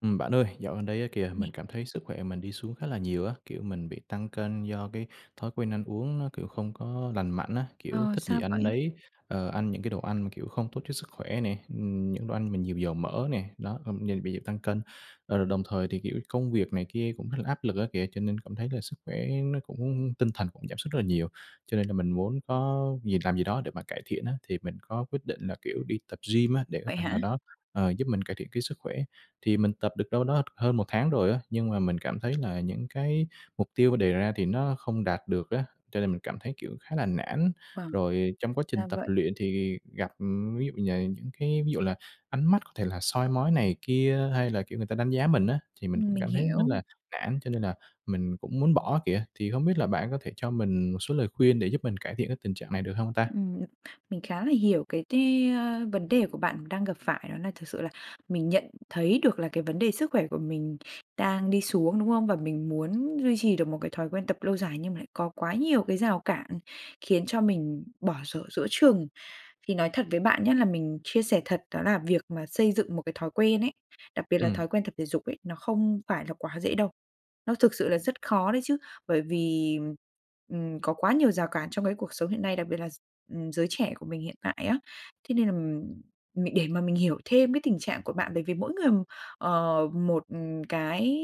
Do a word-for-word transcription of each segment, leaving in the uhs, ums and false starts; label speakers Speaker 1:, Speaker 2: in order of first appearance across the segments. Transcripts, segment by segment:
Speaker 1: Ừm, bạn ơi, dạo gần đây á kìa, mình
Speaker 2: Nè.
Speaker 1: cảm thấy sức khỏe mình đi xuống khá là nhiều á, kiểu mình bị tăng cân do cái thói quen ăn uống nó, kiểu, không có lành mạnh á, kiểu,
Speaker 2: Ờ,
Speaker 1: thích gì
Speaker 2: sao
Speaker 1: ăn
Speaker 2: vậy?
Speaker 1: nấy, ờ, ăn những cái đồ ăn mà, kiểu, không tốt cho sức khỏe nè, ừm, những đồ ăn mà nhiều dầu mỡ nè, đó, ờm, giờ bị tăng cân. Ờ, đồng thời thì, kiểu, công việc này kia cũng khá là áp lực á kìa, cho nên cảm thấy là sức khỏe nó cũng tinh thần cũng giảm sút rất là nhiều. Cho nên là mình muốn có gì làm gì đó để mà cải thiện á, thì mình có quyết định là, kiểu, đi tập gym á, để một
Speaker 2: Vậy
Speaker 1: phần nào
Speaker 2: hả?
Speaker 1: đó, ờ, giúp mình cải thiện cái sức khỏe. Thì mình tập được đâu đó hơn một tháng rồi á, nhưng mà mình cảm thấy là những cái mục tiêu đề ra thì nó không đạt được á, cho nên mình cảm thấy, kiểu, khá là nản.
Speaker 2: Vâng,
Speaker 1: Rồi trong quá trình
Speaker 2: ra
Speaker 1: tập
Speaker 2: vậy.
Speaker 1: luyện thì gặp, ừm, ví dụ, nh những cái ví dụ là ánh mắt có thể là soi mói này kia hay là, kiểu, người ta đánh giá mình á, thì mình
Speaker 2: Ừm,
Speaker 1: cũng
Speaker 2: mình
Speaker 1: cảm thấy rất
Speaker 2: hiểu.
Speaker 1: là nản cho nên là mình cũng muốn bỏ á kìa. Thì hông biết là bạn có thể cho mình một số lời khuyên để giúp mình cải thiện cái tình trạng này được hông ta?
Speaker 2: Ừm, mình khá là hiểu cái t vấn đề của bạn đang gặp phải đó nà thực sự là mình nhận thấy được là cái vấn đề sức khỏe của mình đang đi xuống, đúng không? Và mình muốn ruy trì được một cái thói quen tập lâu dài nhưng mà lại có quá nhiều cái rào cản khiến cho mình bỏ dở giữa chừng. Thì nói thật với bạn nhá, là mình chia sẻ thật đó là việc mà xây dựng một cái thói quen ấy, đặc biệt là thói
Speaker 1: Ừm.
Speaker 2: quen tập thể dục ấy, nó không phải là quá dễ đâu, nó thực sự là rất khó đấy chứ. Bởi vì, ừm, ừm, có quá nhiều rào cản trong cái cuộc sống hiện nay, đặc biệt là gi ừm, giới trẻ của mình hiện tại á. Thế nên, ừm, mình để mà mình hiểu thêm cái tình trạng của bạn bởi vì mỗi người, ờ, một cái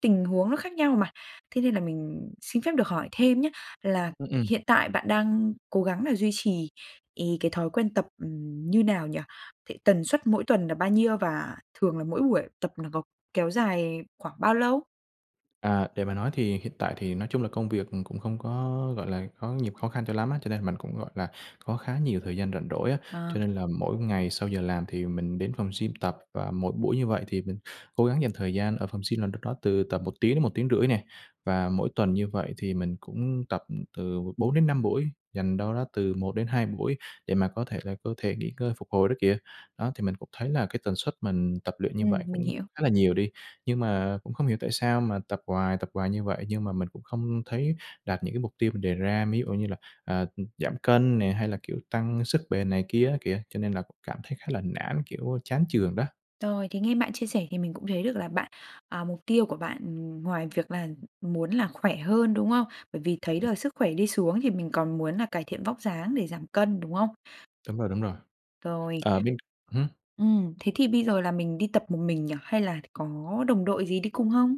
Speaker 2: tình huống nó khác nhau mà, thế nên là mình xin phép được hỏi thêm nhá, là
Speaker 1: Ưm, ừm.
Speaker 2: hiện tại bạn đang cố gắng nà duy trì ì cái thói quen tập, ừm, như nào nhỉ? Th tần suất mỗi tuần là bao nhiêu và thường là mỗi buổi tập nó có kéo dài khoảng bao lâu?
Speaker 1: À, để mà nói thì hiện tại thì nói chung là công việc, ừm, cũng không có, gọi là, có nhiều khó khăn cho lắm á, cho nên mình cũng, gọi là, có khá nhiều thời gian rảnh rỗi á.
Speaker 2: Ờ.
Speaker 1: Cho nên là mỗi ngày sau giờ làm thì mình đến phòng gym tập và mỗi buổi như vậy thì mình cố gắng dành thời gian ở phòng gym là đâu đó từ tầm một tiếng đến một tiếng rưỡi tiếng nè, và mỗi tuần như vậy thì mình cũng tập, ừm, từ bốn đến năm buổi, dành đâu đó từ một đến hai buổi để mà có thể là cơ thể nghỉ ngơi, phục hồi đó kìa. Đó, thì mình cũng thấy là cái tần suất mình tập luyện như
Speaker 2: Ừm,
Speaker 1: vậy
Speaker 2: mình
Speaker 1: cũng
Speaker 2: hiểu.
Speaker 1: khá là nhiều đi, nhưng mà cũng không hiểu tại sao mà tập hoài, tập hoài như vậy nhưng mà mình cũng không thấy đạt những cái mục tiêu mình đề ra, mí dụ như là, ờ, ừm, giảm cân nè hay là, kiểu, tăng sức bền này kia á kìa, cho nên là cũng cảm thấy khá là nản, kiểu, chán chường đó.
Speaker 2: Rồi, thì nghe bạn chia sẻ thì mình cũng thấy được là bạn, à, mục tiêu của bạn, ừm, ngoài việc là muốn là khỏe hơn, đúng không? Bởi vì thấy
Speaker 1: Ừm.
Speaker 2: được sức khỏe đi xuống thì mình còn muốn là cải thiện vóc dáng để giảm cân, đúng không?
Speaker 1: Đúng rồi, đúng rồi.
Speaker 2: Rồi.
Speaker 1: Ờ bên ưm?
Speaker 2: Ừm, thế thì bây giờ là mình đi tập một mình nhỉ hay là có đồng đội gì đi cùng không?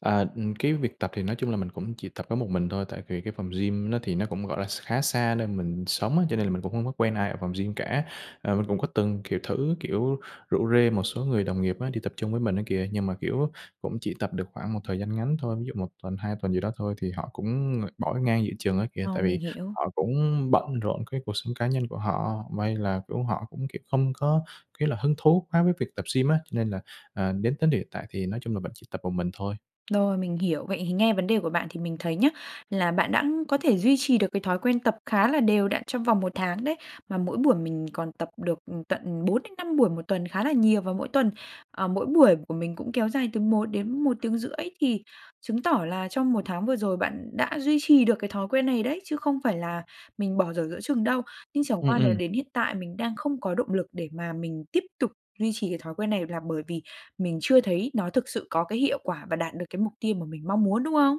Speaker 1: À, ừm, cái việc tập thì nói chung là mình cũng chỉ tập có một mình thôi, tại vì cái phòng gym nó thì nó cũng, gọi là, x khá xa nơi mình sống á, cho nên là mình cũng hông có quen ai ở phòng gym cả. Ờ, mình cũng có từng, kiểu, thử, kiểu, rủ rê một số người đồng nghiệp á đi tập chung với mình á kìa, nhưng mà, kiểu, cũng chỉ tập được khoảng một thời gian ngắn thôi, ví dụ một tuần, hai tuần gì đó thôi thì họ cũng, ờ, bỏ ngang giữa chừng á kìa.
Speaker 2: Ờ,
Speaker 1: Tại
Speaker 2: mình
Speaker 1: vì
Speaker 2: hiểu.
Speaker 1: họ cũng bận rộn cái cuộc sống cá nhân của họ, may là, kiểu, họ cũng, kiểu, không có cái là hứng thú quá với việc tập gym á, nên là, ờ, đến tới điểm hiện tại thì nói chung là vẫn chỉ tập một mình thôi.
Speaker 2: Rồi, mình hiểu. Vậy thì nghe vấn đề của bạn thì mình thấy nhá, là bạn đã có thể duy trì được cái thói quen tập khá là đều đặn trong vòng một tháng đấy, mà mỗi buổi mình còn tập được tận bốn đến năm buổi một tuần khá là nhiều. Và mỗi tuần ờ, mỗi buổi của mình cũng kéo dài từ một đến một tiếng rưỡi thì chứng tỏ là trong một tháng vừa rồi bạn đã duy trì được cái thói quen này đấy chứ không phải là mình bỏ dở giữa chừng đâu. Nhưng chẳng
Speaker 1: Ừm,
Speaker 2: qua nà,
Speaker 1: ừm.
Speaker 2: đến hiện tại mình đang không có động lực để mà mình tiếp tục duy trì cái thói quen này là bởi vì mình chưa thấy nó thực sự có cái hiệu quả và đạt được cái mục tiêu mà mình mong muốn, đúng không?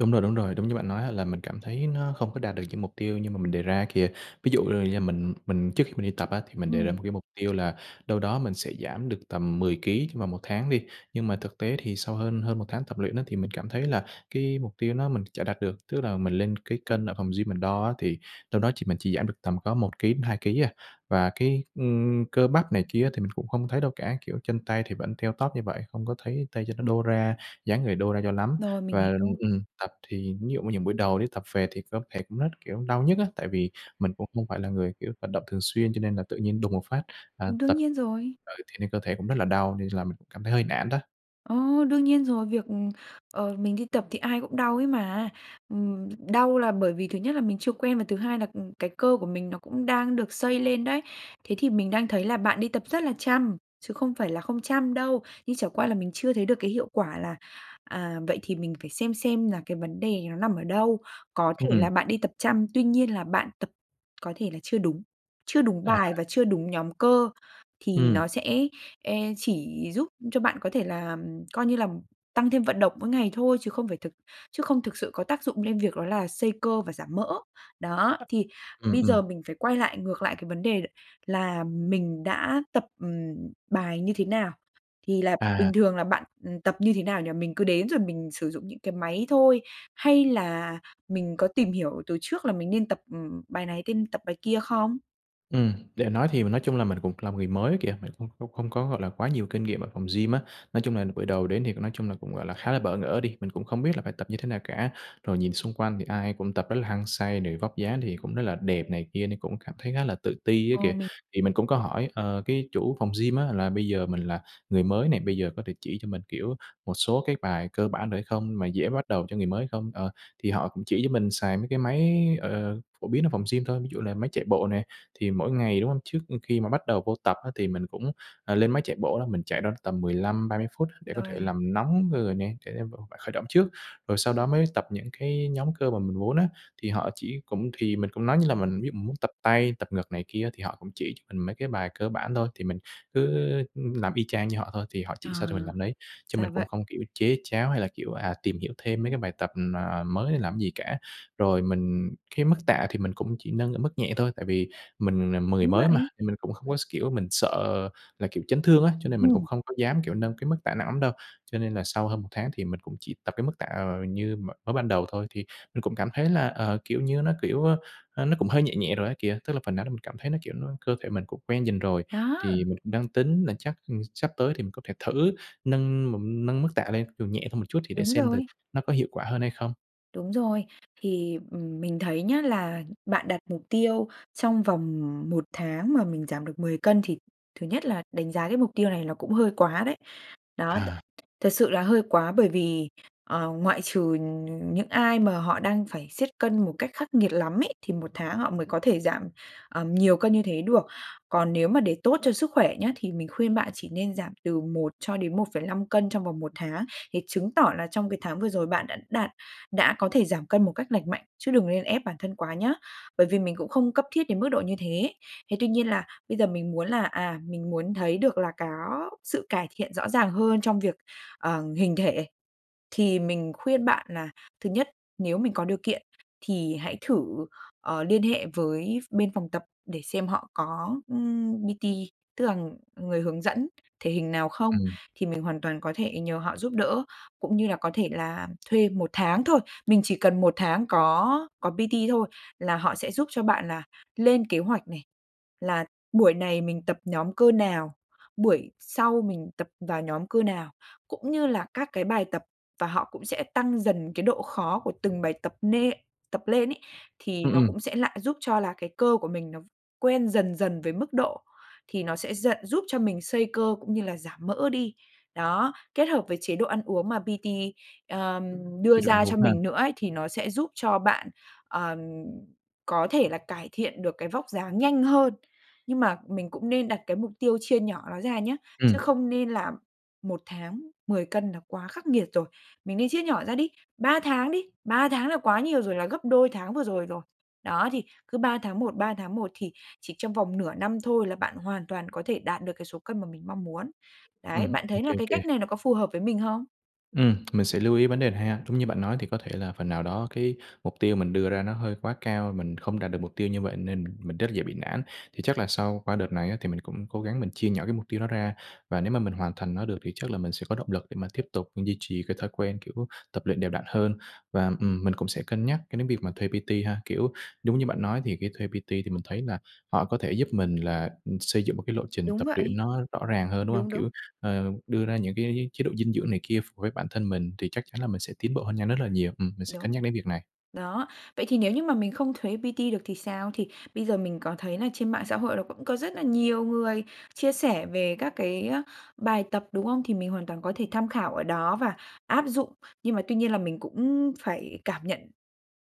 Speaker 1: Đúng rồi, đúng rồi, đúng như bạn nói á, là mình cảm thấy nó không có đạt được những mục tiêu như mà mình đề ra kìa. Ví dụ, ơ, do mình mình trước khi mình đi tập á, thì mình đề ra một
Speaker 2: Ừm.
Speaker 1: cái mục tiêu là đâu đó mình sẽ giảm được tầm mười ký trong vòng một tháng đi, nhưng mà thực tế thì sau hơn hơn một tháng tập luyện á, thì mình cảm thấy là cái mục tiêu nó mình chả đạt được, tức là mình lên cái cân ở phòng gym mình đo á, thì đâu đó chỉ mình chỉ giảm được tầm có một ký đến hai ký à. Và cái, ưm, cơ bắp này kia á, thì mình cũng không thấy đâu cả, kiểu, chân tay thì vẫn teo tóp như vậy, không có thấy tay chân nó đô ra, dáng người đô ra cho lắm.
Speaker 2: Rồi, mình
Speaker 1: Và, ừm,
Speaker 2: hiểu.
Speaker 1: ừm, tập thì ví dụ như những buổi đầu đi tập về thì cơ thể cũng rất, kiểu, đau nhức á, tại vì mình cũng không phải là người, kiểu, vận động thường xuyên cho nên là tự nhiên đùng một phát, à,
Speaker 2: Ừm, đương
Speaker 1: tập
Speaker 2: nhiên rồi.
Speaker 1: ừ, thể nên cơ thể cũng rất là đau nên là mình cũng cảm thấy hơi nản đó.
Speaker 2: Ờ, đương nhiên rồi! Việc, ừm, ờ, mình đi tập thì ai cũng đau ấy mà. Ừm, đau là bởi vì thứ nhất là mình chưa quen và thứ hai là, ừm, cái cơ của mình nó cũng đang được xây lên đấy. Thế thì mình đang thấy là bạn đi tập rất là chăm, chứ không phải là không chăm đâu, nhưng chẳng qua là mình chưa thấy được cái hiệu quả là, à, vậy thì mình phải xem xem là cái vấn đề nó nằm ở đâu? Có
Speaker 1: Ừm,
Speaker 2: thể
Speaker 1: ừm.
Speaker 2: là bạn đi tập chăm, tuy nhiên là bạn tập có thể là chưa đúng, chưa đúng
Speaker 1: À!
Speaker 2: bài và chưa đúng nhóm cơ thì nó
Speaker 1: Ừm.
Speaker 2: sẽ, e chỉ giúp cho bạn có thể là, ừm, coi như là tăng thêm vận động mỗi ngày thôi chứ không phải thực chứ không thực sự có tác dụng lên việc đó là xây cơ và giảm mỡ. Đó, thì
Speaker 1: Ừm,
Speaker 2: bây giờ
Speaker 1: ừm.
Speaker 2: mình phải quay lại ngược lại cái vấn đề là mình đã tập, ừm, bài như thế nào? Thì là
Speaker 1: À!
Speaker 2: bình thường là bạn, ừm, tập như thế nào nhỉ? Mình cứ đến rồi mình sử dụng những cái máy thôi hay là mình có tìm hiểu từ trước là mình nên tập, ừm, bài này tên tập bài kia không?
Speaker 1: Ừm, để nói thì nói chung là mình cũng là một người mới ấy kìa, mình cũng không không có, gọi là, quá nhiều kinh nghiệm ở phòng gym á. Nói chung là bữa đầu đến thì nói chung là cũng, gọi là, khá là bỡ ngỡ đi, mình cũng không biết là phải tập như thế nào cả. Rồi nhìn xung quanh thì ai cũng tập rất là hăng say rồi vóc dáng thì cũng rất là đẹp này kia nên cũng cảm thấy khá là tự ti ấy
Speaker 2: Ờ,
Speaker 1: kìa.
Speaker 2: mình
Speaker 1: Thì mình cũng có hỏi, ờ, cái chủ phòng gym á, là bây giờ mình là người mới này, bây giờ có thể chỉ cho mình, kiểu, một số cái bài cơ bản được hay không? Mà dễ bắt đầu cho người mới không? Ờ, thì họ cũng chỉ cho mình xài mấy cái máy, ờ, phổ biến ở phòng gym thôi, ví dụ là máy chạy bộ nè, thì mỗi ngày, đúng hông? Trước khi mà bắt đầu vô tập á, thì mình cũng, à, lên máy chạy bộ á, mình chạy đâu đó tầm mười lăm ba mươi phút để có thể
Speaker 2: Rồi.
Speaker 1: làm nóng người nè, để vô khởi động trước, rồi sau đó mới tập những cái nhóm cơ mà mình muốn á. Thì họ chỉ cũng thì mình cũng nói như là mình ví dụ mình muốn tập tay, tập ngực này kia thì họ cũng chỉ cho mình mấy cái bài cơ bản thôi, thì mình cứ, ư, làm y chang như họ thôi thì họ
Speaker 2: À!
Speaker 1: chỉ sao thì mình làm nấy, chứ
Speaker 2: Ra
Speaker 1: mình cũng
Speaker 2: vậy!
Speaker 1: không, kiểu, chế cháo hay là kiểu, à, tìm hiểu thêm mấy cái bài tập, ừm, à, mới hay làm cái gì cả. Rồi mình cái mức tạ thì mình cũng chỉ nâng ở mức nhẹ thôi, tại vì mình mười
Speaker 2: Đúng
Speaker 1: mới mà,
Speaker 2: vậy!.
Speaker 1: nên mình cũng không
Speaker 2: [unintelligible]
Speaker 1: có s kiểu, mình sợ là, kiểu, chấn thương á, cho nên mình cũng
Speaker 2: Ừm.
Speaker 1: không có dám, kiểu, nâng cái mức tạ nặng lắm đâu. Cho nên là sau hơn một tháng thì mình cũng chỉ tập cái mức tạ, ờ, như m mới ban đầu thôi thì mình cũng cảm thấy là, ờ, kiểu như, nó, kiểu, ơ, ơ, nó cũng hơi nhẹ nhẹ rồi á kìa, tức là phần nào mình cảm thấy nó, kiểu, nó cơ thể mình cũng quen dần rồi thì
Speaker 2: Đó.
Speaker 1: mình cũng đang tính là chắc, ừm, sắp tới thì mình có thể thử nâng m nâng mức tạ lên, dù nhẹ hơn một chút thì để
Speaker 2: Đúng
Speaker 1: xem thử
Speaker 2: rồi.
Speaker 1: nó có hiệu quả hơn hay không.
Speaker 2: Đúng rồi. Thì, ừm, mình thấy nhá, là bạn đặt mục tiêu trong vòng một tháng mà mình giảm được mười cân thì thứ nhất là đánh giá cái mục tiêu này nó cũng hơi quá đấy. Đó, t
Speaker 1: À.
Speaker 2: thật sự là hơi quá bởi vì, ờ, ngoại trừ nh những ai mà họ đang phải siết cân một cách khắc nghiệt lắm ấy, thì một tháng họ mới có thể giảm, ờ, nhiều cân như thế được. Còn nếu mà để tốt cho sức khỏe nhé, thì mình khuyên bạn chỉ nên giảm từ một cho đến một phẩy lăm cân trong vòng một tháng thì chứng tỏ là trong cái tháng vừa rồi bạn đạt đã có thể giảm cân một cách lành mạnh chứ đừng nên ép bản thân quá nhá. Bởi vì mình cũng không cấp thiết đến mức độ như thế. Thế tuy nhiên là bây giờ mình muốn là, à, mình muốn thấy được là có sự cải thiện rõ ràng hơn trong việc, ờ, hình thể thì mình khuyên bạn là thứ nhất, nếu mình có điều kiện thì hãy thử, ờ, liên hệ với ph bên phòng tập để xem họ có, ưm, P-T tức là người hướng dẫn thể hình nào không
Speaker 1: Ừm.
Speaker 2: thì mình hoàn toàn có thể nhờ họ giúp đỡ cũng như là có thể là thuê một tháng thôi. Mình chỉ cần một tháng có có P-T thôi là họ sẽ giúp cho bạn là lên kế hoạch này, là buổi này mình tập nhóm cơ nào, buổi sau mình tập vào nhóm cơ nào, cũng như là các cái bài tập và họ cũng sẽ tăng dần cái độ khó của từng bài tập nê tập lên ấy, thì
Speaker 1: Ừm,
Speaker 2: nó
Speaker 1: ừm.
Speaker 2: cũng sẽ lại giúp cho là cái cơ của mình nó quen dần dần với mức độ thì nó sẽ giận giúp cho mình xây cơ cũng như là giảm mỡ đi. Đó, kết hợp với chế độ ăn uống mà P-T, ờm,
Speaker 1: Chế
Speaker 2: đưa
Speaker 1: độ ăn
Speaker 2: ra cho
Speaker 1: uống ha.
Speaker 2: mình nữa ấy, thì nó sẽ giúp cho bạn, ờ, có thể là cải thiện được cái vóc dáng nhanh hơn. Nhưng mà mình cũng nên đặt cái mục tiêu chia nhỏ nó ra nhá, chứ
Speaker 1: Ừm.
Speaker 2: không nên là một tháng mười cân là quá khắc nghiệt rồi. Mình nên chia nhỏ ra đi ba tháng đi, ba tháng là quá nhiều rồi, là gấp đôi tháng vừa rồi rồi. Đó, thì cứ ba tháng một, ba tháng một thì chỉ trong vòng nửa năm thôi là bạn hoàn toàn có thể đạt được cái số cân mà mình mong muốn. Đấy,
Speaker 1: Ừm,
Speaker 2: bạn
Speaker 1: ô
Speaker 2: thấy
Speaker 1: kê,
Speaker 2: là
Speaker 1: ô
Speaker 2: cái
Speaker 1: kê.
Speaker 2: cách này nó có phù hợp với mình hông?
Speaker 1: Ừm, mình sẽ lưu ý vấn đề này ha. Đúng như bạn nói thì có thể là phần nào đó cái mục tiêu mình đưa ra nó hơi quá cao, mình không đạt được mục tiêu như vậy nên mình rất là dễ bị nản. Thì chắc là sau qua đợt này á thì mình cũng cố gắng mình chia nhỏ cái mục tiêu đó ra và nếu mà mình hoàn thành nó được thì chắc là mình sẽ có động lực để mà tiếp tục, ừm, duy trì cái thói quen, kiểu, tập luyện đều đặn hơn. Và, ừm, mình cũng sẽ cân nhắc cái đến việc mà thuê P-T ha, kiểu, đúng như bạn nói thì cái thuê P-T thì mình thấy là họ có thể giúp mình là, ừm, xây dựng một cái lộ trình
Speaker 2: Đúng
Speaker 1: tập luyện
Speaker 2: vậy.
Speaker 1: nó rõ ràng hơn, đúng hông?
Speaker 2: Đúng, đúng.
Speaker 1: Kiểu, ờ, đưa ra những cái chế độ dinh dưỡng này kia ph với bản thân mình thì chắc chắn là mình sẽ tiến bộ hơn nhanh rất là nhiều. Ừm, mình sẽ
Speaker 2: Đúng.
Speaker 1: cân nhắc đến việc này.
Speaker 2: Đó, vậy thì nếu như mà mình không thuế P-T được thì sao? Thì bây giờ mình có thấy là trên mạng xã hội nó cũng có rất là nhiều người chia sẻ về các cái, á, bài tập, đúng không? Thì mình hoàn toàn có thể tham khảo ở đó và áp dụng. Nhưng mà tuy nhiên là mình cũng phải cảm nhận,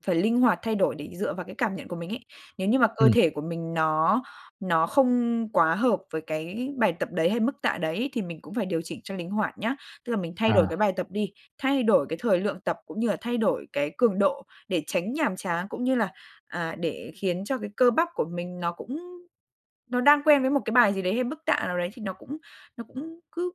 Speaker 2: phải linh hoạt thay đổi để dựa vào cái cảm nhận của mình ấy. Nếu như mà cơ
Speaker 1: Ừm.
Speaker 2: thể của mình nó nó không quá hợp với cái bài tập đấy hay mức tạ đấy thì mình cũng phải điều chỉnh cho linh hoạt nhá. Tức là mình thay đổi cái
Speaker 1: À.
Speaker 2: bài tập đi, thay đổi cái thời lượng tập, cũng như là thay đổi cái cường độ để tránh nhàm chán, cũng như là, à, để khiến cho cái cơ bắp của mình nó cũng nó đang quen với một cái bài gì đấy hay mức tạ nào đấy thì nó cũng nó cũng cứ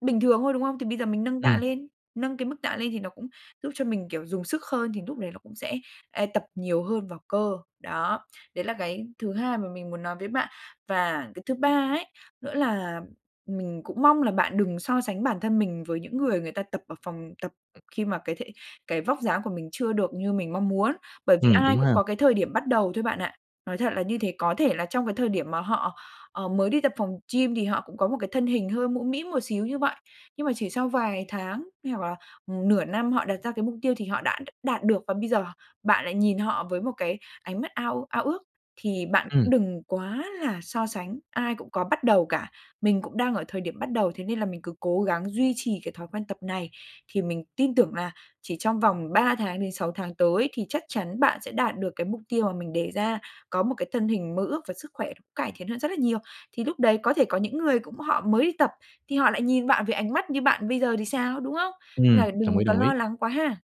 Speaker 2: bình thường thôi, đúng không? Thì bây giờ mình nâng tạ
Speaker 1: Ừm.
Speaker 2: lên, nâng cái mức tạ lên thì nó cũng giúp cho mình, kiểu, dùng sức hơn thì núc đấy nó cũng sẽ, a, tập nhiều hơn vào cơ, đó, đấy là cái thứ hai mà mình muốn nói với bạn. Và cái thứ ba ấy nữa là mình cũng mong là bạn đừng so sánh bản thân mình với những người người ta tập ở phòng tập khi mà cái thể cái vóc dáng của mình chưa được như mình mong muốn. Bởi vì
Speaker 1: Ừm,
Speaker 2: ai
Speaker 1: đúng ha.
Speaker 2: cũng có cái thời điểm bắt đầu thôi bạn ạ, nói thật là như thế, có thể là trong cái thời điểm mà họ, ờ, mới đi tập phòng gym thì họ cũng có một cái thân hình hơi mũm mĩm một xíu như vậy, nhưng mà chỉ sau vài tháng hay hoặc là nửa năm họ đặt ra cái mục tiêu thì họ đã đ đạt được và bây giờ bạn lại nhìn họ với một cái ánh mắt ao ao ước thì bạn
Speaker 1: Ừm.
Speaker 2: cũng đừng quá là so sánh. Ai cũng có bắt đầu cả, mình cũng đang ở thời điểm bắt đầu, thế nên là mình cứ cố gắng duy trì cái thói quen tập này thì mình tin tưởng là chỉ trong vòng ba tháng đến sáu tháng tới thì chắc chắn bạn sẽ đạt được cái mục tiêu mà mình đề ra, có một cái thân hình mơ ước và sức khỏe cải thiện hơn rất là nhiều. Thì lúc đấy có thể có những người cũng họ mới đi tập thì họ lại nhìn bạn với ánh mắt như bạn bây giờ thì sao, đúng không? Nên là
Speaker 1: Ừm, đồng
Speaker 2: đừng
Speaker 1: ý,
Speaker 2: có
Speaker 1: đồng ý.
Speaker 2: lo lắng quá ha.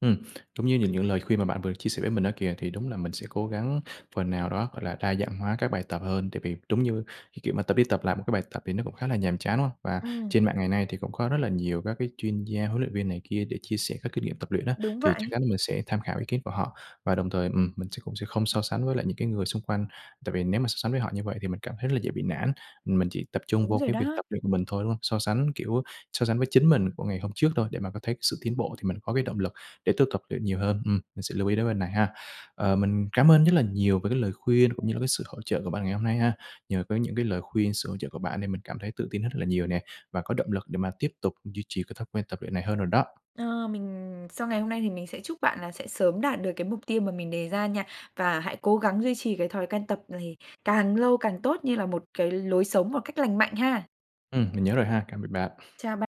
Speaker 1: Ừm, đúng như những những lời khuyên mà bạn vừa chia sẻ với mình á kìa thì đúng là mình sẽ cố gắng phần nào đó, gọi là, đa dạng hóa các bài tập hơn. Tại vì đúng như cái, kiểu, mà tập đi tập lại một cái bài tập thì nó cũng khá là nhàm chán, đúng hông? Và
Speaker 2: Ừm.
Speaker 1: trên mạng ngày nay thì cũng có rất là nhiều các cái chuyên gia huấn luyện viên này kia để chia sẻ các kinh nghiệm tập luyện á,
Speaker 2: Đúng
Speaker 1: thì chắc
Speaker 2: vậy.
Speaker 1: chắn là mình sẽ tham khảo ý kiến của họ. Và đồng thời, ừm, mình sẽ cũng sẽ không so sánh với lại những cái người xung quanh. Tại vì nếu mà so sánh với họ như vậy thì mình cảm thấy rất dễ bị nản, ừm, mình chỉ tập trung
Speaker 2: Đúng
Speaker 1: vô
Speaker 2: rồi
Speaker 1: cái việc
Speaker 2: đó.
Speaker 1: tập luyện mình thôi, đúng hông? So sánh, kiểu, so sánh với chính mình của ngày hôm trước thôi, để mà có thấy cái sự tiến bộ thì mình có cái động lực để tôi tập luyện nhiều hơn. Ừm, mình sẽ lưu ý đến vấn này ha. Ờ, mình cám ơn nhất là nhiều về cái lời khuyên cũng như là cái sự hỗ trợ của bạn ngày hôm nay ha. Nhờ có những cái lời khuyên, sự hỗ trợ của bạn nên mình cảm thấy tự tin rất là nhiều nè, và có động lực để mà tiếp tục duy trì cái thói quen tập luyện này hơn rồi đó.
Speaker 2: Ờ, mình sau ngày hôm nay thì mình sẽ chúc bạn là sẽ sớm đạt được cái mục tiêu mà mình đề ra nha và hãy cố gắng duy trì cái thói quen tập này càng lâu càng tốt như là một cái lối sống một cách lành mạnh ha.
Speaker 1: Ừm, mình nhớ rồi ha, cạm biệt bạn.
Speaker 2: Chào ba